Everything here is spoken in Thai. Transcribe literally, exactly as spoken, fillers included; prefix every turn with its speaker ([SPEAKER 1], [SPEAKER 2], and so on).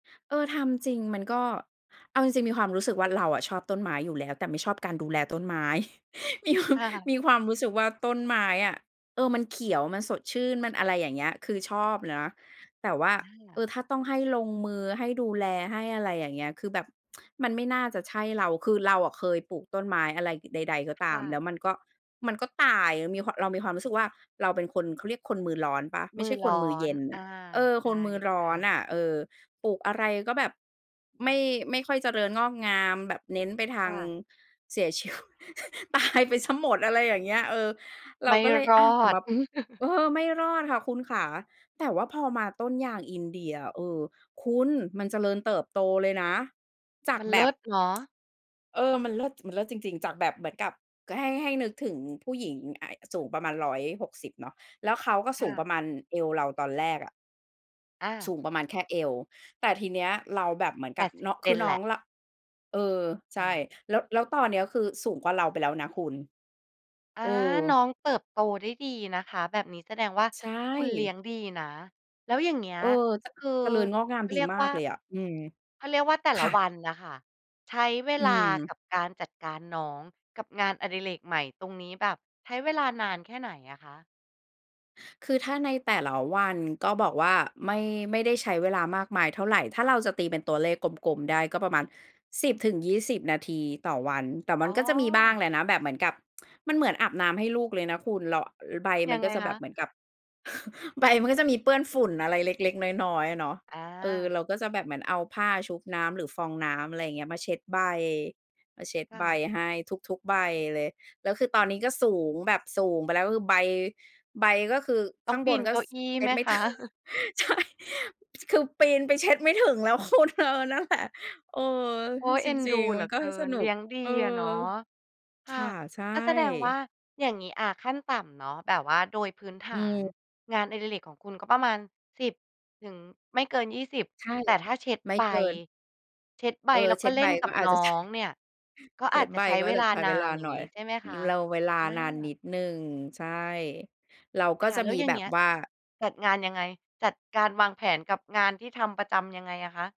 [SPEAKER 1] เออ ทำจริง มันก็ เอาจริง ๆ มีความรู้สึกว่าเราอะชอบต้นไม้อยู่แล้ว แต่ไม่ชอบการดูแลต้นไม้ มีความ
[SPEAKER 2] ค่ะ
[SPEAKER 1] มีความรู้สึกว่า ต้นไม้อะ เออ มันเขียว มันสดชื่น มันอะไรอย่างเงี้ย คือชอบนะ แต่ว่า
[SPEAKER 2] อ
[SPEAKER 1] เอ
[SPEAKER 2] า
[SPEAKER 1] อ ถ้าต้องให้ลงมือ ให้ดูแล ให้อะไรอย่างเงี้ย คือแบบ มันไม่น่าจะใช่เรา คือเราอะเคยปลูกต้นไม้อะไร ใด ๆ ก็ต
[SPEAKER 2] ค
[SPEAKER 1] า
[SPEAKER 2] ่
[SPEAKER 1] ม แล้
[SPEAKER 2] ะ
[SPEAKER 1] วมัน ก็ มันก็ตาย มีความ เรามีความรู้สึกว่าเราเป็นคน เขาเรียกคนมือร้อนเปล่า ไม
[SPEAKER 2] ม
[SPEAKER 1] ่
[SPEAKER 2] ื
[SPEAKER 1] ใช
[SPEAKER 2] อ
[SPEAKER 1] ่ค
[SPEAKER 2] ร้
[SPEAKER 1] น
[SPEAKER 2] อ
[SPEAKER 1] มือเย
[SPEAKER 2] น
[SPEAKER 1] ็นน
[SPEAKER 2] อ
[SPEAKER 1] ่
[SPEAKER 2] า
[SPEAKER 1] ะ เออ
[SPEAKER 2] ใ
[SPEAKER 1] คนมือร
[SPEAKER 2] ช
[SPEAKER 1] ้อ
[SPEAKER 2] ่
[SPEAKER 1] น
[SPEAKER 2] ๆ
[SPEAKER 1] น่ะ เออ ปลูกอะไรก็แบบ ไม่ ไม่ค่อยเจริญงอกงาม แบบเน้นไปทา
[SPEAKER 2] ค
[SPEAKER 1] ง
[SPEAKER 2] ่ะ
[SPEAKER 1] เสีย ชีว ตาย ไปเสียหมด อะไรอย่างเงี้ย เออ เร
[SPEAKER 2] ไ
[SPEAKER 1] า
[SPEAKER 2] ม่
[SPEAKER 1] ก็เลย
[SPEAKER 2] ร
[SPEAKER 1] อ
[SPEAKER 2] อ
[SPEAKER 1] า ตะหม
[SPEAKER 2] ด
[SPEAKER 1] ับ เออ ไม่รอดค่ะคุณขคะ แต่ว่าพอมาต้นยางอินเดียอะ เออ คุณ มันเจริญเติบโตเลยนะ จาก
[SPEAKER 2] มัน
[SPEAKER 1] แ
[SPEAKER 2] เ
[SPEAKER 1] บ
[SPEAKER 2] ลิ
[SPEAKER 1] บ
[SPEAKER 2] ศเหรอ?
[SPEAKER 1] เออ มันเลิศ จ มันเลิศจริง ๆ จากแบบเหมือนกับ ก ให้ ให้นึกถึง ผู้หญิง อ อ สูงประมาณ ร้อยหกสิบ เนาะ แล้วเขาก็
[SPEAKER 2] ค
[SPEAKER 1] สู
[SPEAKER 2] ่
[SPEAKER 1] งป
[SPEAKER 2] ะ
[SPEAKER 1] ระมาณเอวเราตอนแรกอะ
[SPEAKER 2] อ
[SPEAKER 1] ส
[SPEAKER 2] า
[SPEAKER 1] ูงประมาณแค่เอว แต่ทีเนี้ยเราแบบเหมือน
[SPEAKER 2] แป
[SPEAKER 1] กับ
[SPEAKER 2] ดสิ
[SPEAKER 1] น
[SPEAKER 2] บ เซ
[SPEAKER 1] คือ
[SPEAKER 2] น
[SPEAKER 1] น้
[SPEAKER 2] แหล
[SPEAKER 1] อง
[SPEAKER 2] ะ
[SPEAKER 1] ร เออ ใช
[SPEAKER 2] อ
[SPEAKER 1] ่
[SPEAKER 2] า
[SPEAKER 1] แล้ว แล้วตอนเนี้ยก็คือสูงกว่าเราไปแล้วนะคุณ
[SPEAKER 2] อา
[SPEAKER 1] เออ
[SPEAKER 2] น้องเติบโตได้ดีนะคะ แบบนี้แสดงว่า
[SPEAKER 1] ใช
[SPEAKER 2] คุณเลี้ย
[SPEAKER 1] ่
[SPEAKER 2] งดีนะ แล้วอย่างเงี้ย
[SPEAKER 1] เออ จ
[SPEAKER 2] คือ
[SPEAKER 1] เจริญงอกงา
[SPEAKER 2] เ
[SPEAKER 1] ม
[SPEAKER 2] ขา
[SPEAKER 1] ด
[SPEAKER 2] เ
[SPEAKER 1] ี
[SPEAKER 2] รียก
[SPEAKER 1] มา
[SPEAKER 2] ว่
[SPEAKER 1] ก
[SPEAKER 2] า
[SPEAKER 1] เลยอะ อืม
[SPEAKER 2] เขาเรียกว่า แต่ล
[SPEAKER 1] ค
[SPEAKER 2] ะ
[SPEAKER 1] ่ะ
[SPEAKER 2] วันน่ะค่ะใช้เว
[SPEAKER 1] อื
[SPEAKER 2] ลาก
[SPEAKER 1] ม
[SPEAKER 2] ับการ จัดการน้อง กับงานอดิเรกใหม่ตรงนี้ แบบใช้เวลานานแค่ไหนอะคะ?
[SPEAKER 1] คือถ้าในแต่ละวัน ก็บอกว่าไม่ ไม่ได้ใช้ เวลามากมายเท่าไร ถ้าเราจะตีเป็นตัวเลขกลม ๆ ได้ก็ประมาณ สิบถึงยี่สิบ นาทีต่อวัน แต่ม
[SPEAKER 2] อ
[SPEAKER 1] ัน
[SPEAKER 2] ๋อ
[SPEAKER 1] ก็จะมีบ้างแหละนะ แบบเหมือนกับ มันเหมือนอาบน้ำให้ลูกเลยนะคุณ เราอะ ใบม
[SPEAKER 2] ย
[SPEAKER 1] ั
[SPEAKER 2] ั
[SPEAKER 1] น
[SPEAKER 2] ง
[SPEAKER 1] ก
[SPEAKER 2] ไ
[SPEAKER 1] ็
[SPEAKER 2] ง
[SPEAKER 1] จะแ
[SPEAKER 2] ค
[SPEAKER 1] บ
[SPEAKER 2] ะ?
[SPEAKER 1] บเหมือนกับ ใบมันก็จะมีเปื้อนฝุ่นอะไรเล็ก ๆ น้อย ๆ อะเนาะ
[SPEAKER 2] อ
[SPEAKER 1] เออ
[SPEAKER 2] า
[SPEAKER 1] เราก็จะแบบเหมือนเอาผ้าชุบน้ำหรือฟองน้ำ อะไรอย่างเงี้ย มาเช็ดใบ มาเช็ด
[SPEAKER 2] ค่
[SPEAKER 1] ใบ
[SPEAKER 2] ะ
[SPEAKER 1] ให้ทุก ๆ ใบเลย แล้วคือตอนนี้ก็สูงแบบสูงไปแล้ว ก็คือใบ ใบก็คือ
[SPEAKER 2] ต
[SPEAKER 1] ข
[SPEAKER 2] ้อ
[SPEAKER 1] ้
[SPEAKER 2] ง
[SPEAKER 1] าง
[SPEAKER 2] ป
[SPEAKER 1] บ
[SPEAKER 2] ี
[SPEAKER 1] น
[SPEAKER 2] น
[SPEAKER 1] ก็
[SPEAKER 2] เก้า
[SPEAKER 1] ส
[SPEAKER 2] อี้
[SPEAKER 1] เช็
[SPEAKER 2] ไห
[SPEAKER 1] ด
[SPEAKER 2] ม
[SPEAKER 1] ไม่
[SPEAKER 2] ค
[SPEAKER 1] ใช
[SPEAKER 2] ะ?
[SPEAKER 1] ่ ป จ คือปีนไปเช็ดไม่ถึงแล้ว คุณ เออ นั่นแหละ เออ
[SPEAKER 2] โ
[SPEAKER 1] เ
[SPEAKER 2] อ๊
[SPEAKER 1] ฮ้ย
[SPEAKER 2] ย
[SPEAKER 1] จ
[SPEAKER 2] เอ็น
[SPEAKER 1] ร
[SPEAKER 2] ดู
[SPEAKER 1] ิง ๆ
[SPEAKER 2] เ
[SPEAKER 1] ม
[SPEAKER 2] หล
[SPEAKER 1] ั
[SPEAKER 2] ื
[SPEAKER 1] น
[SPEAKER 2] อ
[SPEAKER 1] ก็
[SPEAKER 2] เกิ
[SPEAKER 1] ส
[SPEAKER 2] น
[SPEAKER 1] น
[SPEAKER 2] เ
[SPEAKER 1] ุ
[SPEAKER 2] ล
[SPEAKER 1] ก
[SPEAKER 2] ี้ยงดี
[SPEAKER 1] เออ
[SPEAKER 2] อะเนาะ ค่
[SPEAKER 1] ค
[SPEAKER 2] ะ
[SPEAKER 1] ่ะ ใช่
[SPEAKER 2] อา แสดงว่า อย่างงี้ อา ขั้นต่ำเนาะ แบบว่าโดยพื้นฐ
[SPEAKER 1] อื
[SPEAKER 2] าน
[SPEAKER 1] ม
[SPEAKER 2] งานอดิเรกของคุณก็ประมาณ สิบ ถึง ไม่เกิน ยี่สิบ
[SPEAKER 1] ใช่
[SPEAKER 2] แต่ถ้าเช็ด
[SPEAKER 1] ไม่
[SPEAKER 2] ใบ
[SPEAKER 1] เกิน
[SPEAKER 2] เช็ดใบ
[SPEAKER 1] เออ
[SPEAKER 2] แล้ว
[SPEAKER 1] เช
[SPEAKER 2] ก
[SPEAKER 1] ็
[SPEAKER 2] ็
[SPEAKER 1] ด
[SPEAKER 2] เล
[SPEAKER 1] ใบ
[SPEAKER 2] ่นก
[SPEAKER 1] ก
[SPEAKER 2] ั
[SPEAKER 1] ็
[SPEAKER 2] บ
[SPEAKER 1] อาจ
[SPEAKER 2] น้
[SPEAKER 1] จ
[SPEAKER 2] อ
[SPEAKER 1] ะ ใช่
[SPEAKER 2] งเนี่ยก็
[SPEAKER 1] เช
[SPEAKER 2] อ
[SPEAKER 1] ็
[SPEAKER 2] า
[SPEAKER 1] ด
[SPEAKER 2] จจะ
[SPEAKER 1] ใบ
[SPEAKER 2] ใช้
[SPEAKER 1] ก็
[SPEAKER 2] เว
[SPEAKER 1] จะ
[SPEAKER 2] ลา
[SPEAKER 1] ใช้
[SPEAKER 2] นา
[SPEAKER 1] เวลา
[SPEAKER 2] น อย่
[SPEAKER 1] ห
[SPEAKER 2] า
[SPEAKER 1] น
[SPEAKER 2] ง
[SPEAKER 1] ่อ
[SPEAKER 2] ง
[SPEAKER 1] ย
[SPEAKER 2] ี้ใช่ไหมคะ?
[SPEAKER 1] แลว เวลา
[SPEAKER 2] อ
[SPEAKER 1] นานนิ
[SPEAKER 2] า
[SPEAKER 1] ดหนึ่ง ใช่ เราก
[SPEAKER 2] ค
[SPEAKER 1] ็
[SPEAKER 2] ่ะ
[SPEAKER 1] จะ
[SPEAKER 2] แล้
[SPEAKER 1] ม
[SPEAKER 2] ว
[SPEAKER 1] ี
[SPEAKER 2] อย่า
[SPEAKER 1] แบ
[SPEAKER 2] งเง
[SPEAKER 1] บ
[SPEAKER 2] ี้ย
[SPEAKER 1] ว่า
[SPEAKER 2] จัดงานยังไง? จัดการวางแผนกับงานที่ทำประจำยังไงอะคะ?